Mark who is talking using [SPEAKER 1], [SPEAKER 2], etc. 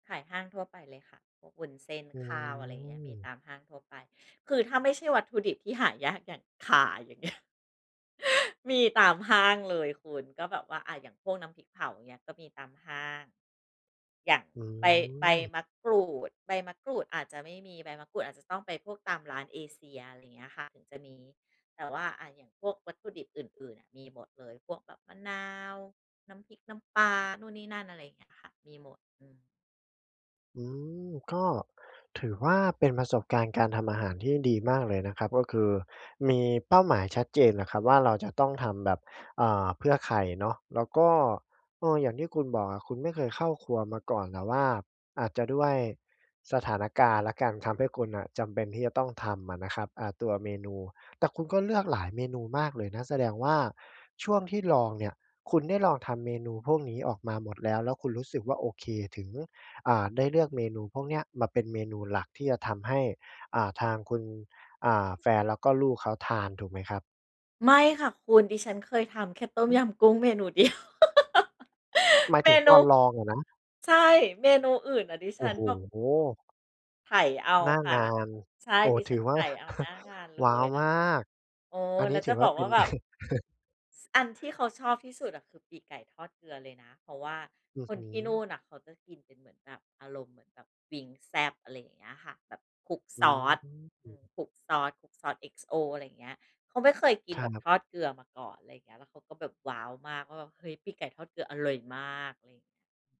[SPEAKER 1] ขายห้างทั่วไปเลยค่ะ พวกวุ้นเส้น
[SPEAKER 2] อื
[SPEAKER 1] ข้าว อะไรอย่างเงี้ย มี
[SPEAKER 2] ม
[SPEAKER 1] ตามห้างทั่วไป คือถ้าไม่ใช่วัตถุดิบที่หายาก อย่าง ข่า อย่าง เงี้ย มีตามห้างเลยคุณ ก็แบบว่า อะ อย่างพวกน้ำพริกเผาอย่างเงี้ย ก็มีตามห้าง อย่าง
[SPEAKER 2] อื
[SPEAKER 1] ใบ ใบ
[SPEAKER 2] ม
[SPEAKER 1] มะกรูด ใบมะกรูดอาจจะไม่มี ใบมะกรูดอาจจะต้องไปพวกตามร้านเอเซีย อะไรเงี้ยค่ะ ถึงจะมี แต่ว่า อะ อย่างพวกวัตถุดิบอื่น ๆ มีหมดเลย พวกแบบมะนาว น้ำพริก น้ำปลา นู่นนี่นั่น อะไรเงี้ยค่ะ มีหมด อืม
[SPEAKER 2] อืม ก็ถือว่าเป็นประสบการณ์การทำอาหารที่ดีมากเลยนะครับ ก็คือมีเป้าหมายชัดเจนอะครับว่า เราจะต้องทำแบบ เอ่อ เพื่อใครเนาะ แล้วก็ เออ อย่างที่คุณบอกอะ คุณไม่เคยเข้าครัวมาก่อน แต่ว่าอาจจะด้วยสถานการณ์แล้วกัน ทำให้คุณน่ะจำเป็นที่จะต้องทำอะนะครับ อ่า ตัวเมนู แต่คุณก็เลือกหลายเมนูมากเลยนะ แสดงว่าช่วงที่ลองเนี่ย คุณได้ลองทำเมนูพวกนี้ออกมาหมดแล้ว แล้วคุณรู้สึกว่า โอเค ถึง อ่า ได้เลือกเมนูพวกเนี้ยมาเป็นเมนูหลัก ที่จะทำให้ อ่า ทางคุณ อ่า แฟน แล้วก็ลูกเขาทาน ถูกไหมครับ?
[SPEAKER 1] ไม่ค่ะคุณ ดิฉันเคยทำแค่ต้ม
[SPEAKER 2] อื
[SPEAKER 1] ย
[SPEAKER 2] ม
[SPEAKER 1] ำกุ้งเมนู เดียว
[SPEAKER 2] หมาย
[SPEAKER 1] เม
[SPEAKER 2] ถึง
[SPEAKER 1] น
[SPEAKER 2] ต
[SPEAKER 1] ู
[SPEAKER 2] อนลองอะนะ?
[SPEAKER 1] ใช่ เมนูอื่นน่ะ ดิ
[SPEAKER 2] โอ
[SPEAKER 1] ฉ
[SPEAKER 2] ้
[SPEAKER 1] ัน
[SPEAKER 2] โ
[SPEAKER 1] แบบ
[SPEAKER 2] ฮ!
[SPEAKER 1] ไถเอา
[SPEAKER 2] หน้า
[SPEAKER 1] ค่
[SPEAKER 2] ง
[SPEAKER 1] ะ
[SPEAKER 2] าน
[SPEAKER 1] ใช่
[SPEAKER 2] โอ้
[SPEAKER 1] ดิ
[SPEAKER 2] ถ
[SPEAKER 1] ฉ
[SPEAKER 2] ื
[SPEAKER 1] ั
[SPEAKER 2] อ
[SPEAKER 1] น
[SPEAKER 2] ว
[SPEAKER 1] ไ
[SPEAKER 2] ่
[SPEAKER 1] ถ
[SPEAKER 2] า
[SPEAKER 1] เอาหน้างานเล
[SPEAKER 2] ว้าว!
[SPEAKER 1] ย แล้ว
[SPEAKER 2] มาก
[SPEAKER 1] โอ้
[SPEAKER 2] อัน
[SPEAKER 1] แ
[SPEAKER 2] นี
[SPEAKER 1] ล้
[SPEAKER 2] ้
[SPEAKER 1] ว
[SPEAKER 2] ถ
[SPEAKER 1] จ
[SPEAKER 2] ื
[SPEAKER 1] ะ
[SPEAKER 2] อ
[SPEAKER 1] บ
[SPEAKER 2] ว่า
[SPEAKER 1] อก
[SPEAKER 2] เป
[SPEAKER 1] ว่
[SPEAKER 2] ็
[SPEAKER 1] า
[SPEAKER 2] น
[SPEAKER 1] แบบ ส อันที่เขาชอบที่สุดอะ คือปีกไก่ทอดเกลือเลยนะ เพราะว่า
[SPEAKER 2] อื้อ
[SPEAKER 1] ค
[SPEAKER 2] ฮ
[SPEAKER 1] น
[SPEAKER 2] ื
[SPEAKER 1] ที่นู
[SPEAKER 2] อ
[SPEAKER 1] ่นน่ะ เขาจะกินเป็นเหมือนแบบอารมณ์ เหมือนแบบวิงซ์แซ่บ อะไรอย่างเงี้ยค่ะ แบบคลุก
[SPEAKER 2] อื
[SPEAKER 1] ซอส อื
[SPEAKER 2] ม
[SPEAKER 1] ม คลุกซอส คลุกซอส XO อะไรเงี้ย เขาไม่เคยกิ
[SPEAKER 2] ค
[SPEAKER 1] น
[SPEAKER 2] ร
[SPEAKER 1] แบบ
[SPEAKER 2] ับ
[SPEAKER 1] ทอดเกลือมาก่อน อะไรอย่างเงี้ย แล้วเขาก็แบบ ว้าว! มากว่าแบบ เฮ้ย ปีกไก่ทอดเกลืออร่อยมาก อะไรเงี้ย